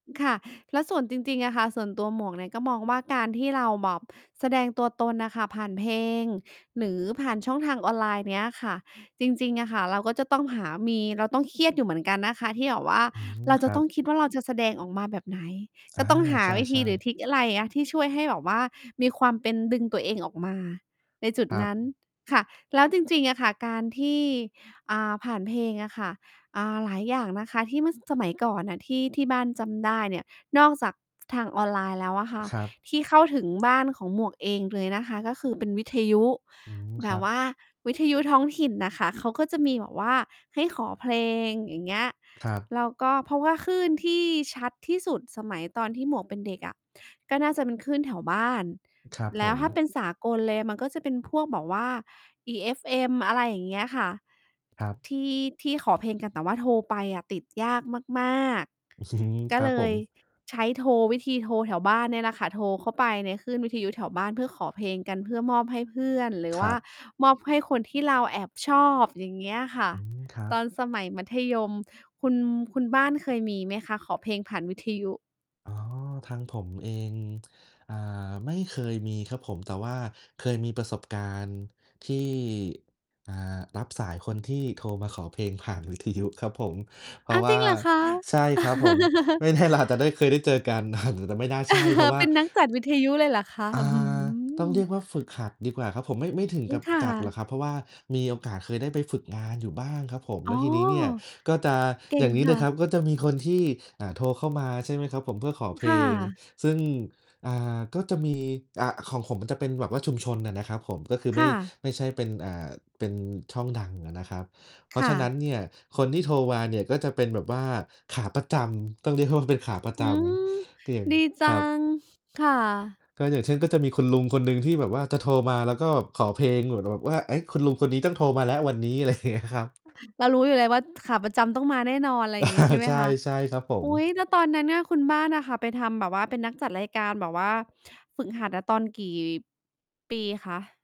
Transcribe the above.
ค่ะ แล้วส่วนจริง ๆ อะค่ะ ส่วนตัวหมวกเนี่ยก็มองว่า การที่เราแบบแสดงตัวตนน่ะค่ะ ผ่านเพลง หรือผ่านช่องทางออนไลน์เนี้ยค่ะ จริง ๆ อะค่ะ เราก็จะต้องหามี เราต้องเครียดอยู่เหมือนกันนะคะที่แบบว่า อืม เราคจะรัต้บ องคิดว่าเราจะแสดงออกมาแบบไหน อจา ะต้องหาใชวิธี่ หรือๆ ทริกอะไรอะ ที่ช่วยให้แบบว่ามีความเป็น ดึงตัวเองออกมาในจุดครันั้นบ ค่ะ แล้วจริง ๆ อะค่ะ การที่ อ่า ผ่านเพลงอะค่ะ อ่า หลายอย่างนะคะที่ เมื่อ สมัยก่อนน่ะ ที่ ที่บ้านจำได้เนี่ย นอกจาก ทางออนไลน์แล้วอะค่ะ ครับ ที่เข้าถึงบ้านของหมวกเองเลยนะคะ ก็คือเป็นวิทยุ อืม แบครับวบ ่าวิทยุท้องถิ่นน่ะค่ะ เขาก็จะมีแบบว่าให้ขอเพลง อย่างเงี้ย ครับ แล้วก็ เพราะว่าคลื่นที่ชัดที่สุดสมัยตอนที่หมวกเป็นเด็กอะ ก็น่าจะเป็นคลื่นแถวบ้าน ครับแลผ้วถ้าม เป็นสากลเลยมันก็จะเป็นพวกแบบว่า EFM อะไรอย่างเงี้ยค่ะ ครับ ที่ ที่ขอเพลงกัน แต่ว่าโทรไปอะติดยากมาก อืม ๆ กค็รัเบลผยม ใช้โทร วิธีโทรแถวบ้านเนี่ยล่ะค่ะ โทรเข้าไปในคลื่นวิทยุแถวบ้านเพื่อขอเพลงกัน เพื่อมอบให้เพื่อน หรือควร่ัาบ มอบให้คนที่เราแอบชอบ อย่างเงี้ยค่ะ อืม ครัตอบ นสมัยมัธยม คุณ คุณบ้านเคยมีไหมคะขอเพลงผ่านวิทยุ? อ๋อ ทางผมเอง อ่า ไม่เคยมีครับผม แต่ว่าเคยมีประสบการณ์ที่ อ่า รับสายคนที่โทรมาขอเพลงผ่านวิทยุครับผม เพรอาะา วจ่ริา งเหรอคะ? ใช่ครับผม ไม่ แน่ เราอาจจะได้เคยได้เจอกัน แต่ไม่น่าใช่ เพราะว่เา ป็นนักจัดวิทยุเลยเหรอคะ? อ่า อื้อฮต้องเืรอ ียกว่าฝึกหัดดีกว่าครับผม ไม่ ไม่ถึงอืกอ ับค่จัดหระ อกครับ เพราะว่ามีโอกาสเคยอืไอ ด้ไปฝึกงานอยู่บ้างครับผม แอ๋ลอ ้วทีนี้เนี่ยก็จะ เก่อยง่างนี้คเล่ยครัะ บ ก็จะมีคนที่ อ่า โทรเข้ามา ใช่ไหมครับผม เพื่อขอเพคล่ง ะ ซึ่ง อ่า ก็จะมี อะ ของผมมันจะเป็นแบบว่าชุมชนน่ะนะครับผม ก็คือไคม่่ ะ ไม่ใช่เป็น อ่า เป็นช่องดังอะนะครับ เพราคะฉ่ะนั้นะ เนี่ย คนที่โทรมาเนี่ยก็จะเป็นแบบว่าขาประจำ ต้องเรียกว่ามันเป็นขาประอืจม ำ เตียง ดีจคัรับ ง ค่ะ ก็อย่างเช่น ก็จะมีคุณลุงคนหนึ่งที่แบบว่าจะโทรมา แล้วก็ขอเพลงเหมือนแบบว่า เอ๊ะ คุณลุงคนนี้ต้องโทรมาแล้ววันนี้ อะไร เงี้ยครับ [unintelligible] เรารู้อยู่แล้วว่าขาประจำต้องมาแน่นอน อะไรอย่างงี้ใช่ไหมใช่ คะ? ใช่ครับผอุม ๊ย แล้วตอนนั้นน่ะ คุณบ้านอะค่ะไปทำแบบว่า เป็นนักจัดรายการแบบว่าฝึกหัดน่ะตอนกี่ ปีคะ?